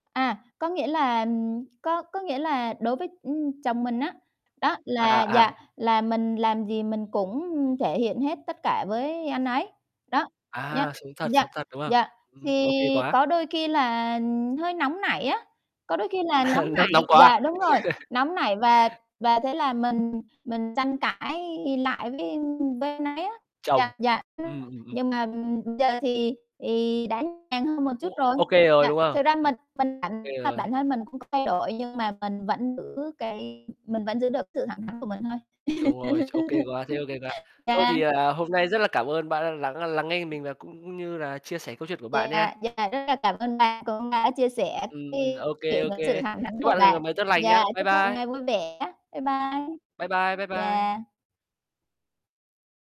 À, có nghĩa là, ừm có có nghĩa là đối với, ưm, chồng mình á, đó À, là, à. dạ, là mình làm gì mình cũng thể hiện hết tất cả với anh ấy. Đó, nhá À, sống thật, dạ, sống thật, đúng không? dạ, Ừm, thì ô kê quá. có đôi khi là hơi nóng nảy á, có đôi khi là nóng Nóng nóng nảy quá dạ, à. đúng rồi, nóng nảy và và thế là mình mình tranh cãi lại với, a, với anh ấy á. Chồng. Dạ, dạ, nhưng Ừm, ừm, ừm. nhưng mà, ừm, giờ thì thì đã nhàn hơn một Ô chút rồi. Ô kê rồi, Dạ. đúng không? Thực ra Ừm. mình mình Kê bản rồi. bản thân mình cũng có thay đổi, nhưng mà mình vẫn giữ cái mình vẫn giữ được sự thẳng thắn của mình thôi. Đúng rồi, ô kê quá, thế ô kê quá. Thôi Dạ. thì, à, hôm nay rất là cảm ơn bạn đã lắng, a, lắng nghe mình và cũng như là chia sẻ câu chuyện của bạn Dạ, nha. dạ, rất là cảm ơn bạn cũng đã chia sẻ Ừm, cái ô kê, chuyện ô sự kê. thẳng thắn Chúc của bạn một ngày bạn. mới tốt lành nhá. Dạ, Bye chúc bạn một bye! ngày vui vẻ. Bye bye! Bye bye, bye bye! Dạ.